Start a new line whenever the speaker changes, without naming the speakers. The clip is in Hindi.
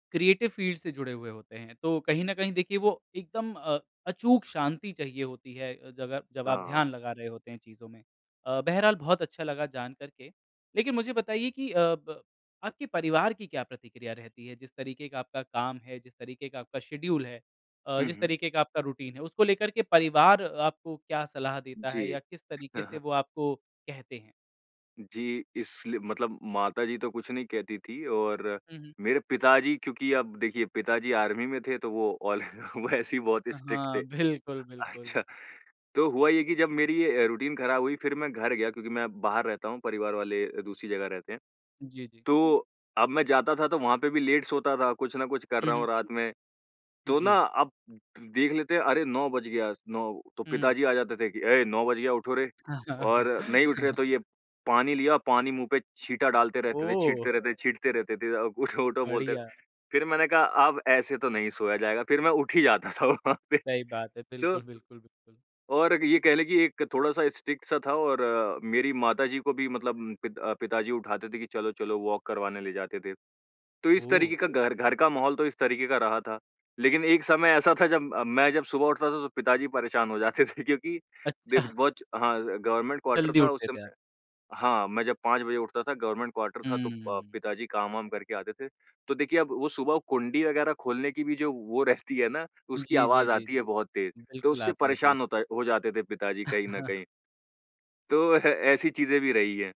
क्रिएटिव फ़ील्ड से जुड़े हुए होते हैं, तो कहीं न कहीं देखिए वो एकदम अ, अचूक शांति चाहिए होती है अ, जगह जब आप
हाँ, हाँ।
ध्यान लगा रहे होते हैं चीज़ों में। अ, बहरहाल बहुत अच्छा लगा जान कर के, लेकिन मुझे बताइए कि अ, प आपके परिवार की क्या प्रतिक्रिया रहती है? जिस तरीके का आपका काम है, जिस तरीके का आपका शेड्यूल है अ,
हुँ,
जिस
हुँ।
तरीके का आपका रूटीन है, उसको लेकर के परिवार आपको क्या सलाह देता है
जी।
या किस तरीके से वो आपको कहते हैं?
जी, इसलिए मतलब माताजी तो कुछ नहीं कहती थी और
हुँ, हुँ।
मेरे पिताजी क्योंकि अब देखिए पिताजी आर्मी में थे तो वो ऑल वो ऐसे ही बहुत
अ,
स्ट्रिक्ट थे।
हाँ, बिल्कुल, बिल्कुल।
अच्छा, तो हुआ ये कि जब मेरी अ, रूटीन ख़राब हुई फिर मैं घर गया, क्योंकि मैं बाहर रहता हूँ परिवार वाले दूसरी जगह रहते हैं,
जी, जी।
तो अब मैं जाता था तो वहाँ पे भी लेट सोता था, कुछ न कुछ कर
हुँ,
रहा हूँ
हुँ।
रात में, तो ना,
जी।
अब देख लेते हैं अरे! 9 बज गया 9 तो
हुँ।
पिताजी आ जाते थे कि, "ऐ 9 बज गया उठो रे।" और नहीं उठ रहे तो ये पानी लिया पानी मुँह पे छींटा डालते रहते थे,
ओह!
छींटते रहते छींटते रहते थे अ, उठो-उठो बोलते।
बढ़िया।
फिर मैंने कहा अब ऐसे तो नहीं सोया जाएगा फिर मैं उठ ही जाता था वहाँ पे।
सही बात है।
तो
बिल्कुल, बिल्कुल, बिल्कुल।
और ये कह लें कि एक थोड़ा-सा स्ट्रिक्ट सा था और मेरी माताजी को भी मतलब उम, पित अ, पिताजी उठाते थे कि चलो-चलो वॉक करवाने ले जाते थे। तो इस तरीके
ओह!
का घर, घर का माहौल तो इस तरीके का रहा था लेकिन एक समय ऐसा था जब अ, मैं जब सुबह उठता था तो पिताजी परेशान हो जाते थे क्योंकि देव
अच्छा।
बहुत हाँ, गवर्नमेंट क्वार्टर
जल्दी
था उस
उठते थे आप।
समय। हाँ, मैं जब 5 बजे उठता था गवर्नमेंट क्वार्टर था, तो प
हुँ।
पिताजी काम-वाम करके आते थे, तो देखिए अब वो सुबह कुंडी वग़ैरह खोलने की भी जो वो रहती है ना, उसकी
जी, जी,
आवाज़
जी,
आती
जी।
है बहुत तेज़, तो
बिल्कुल
उससे
आती है तेज़।
परेशान होता हो जाते थे पिताजी कहीं न कहीं। तो ह ऐसी चीज़ें भी रही हैं।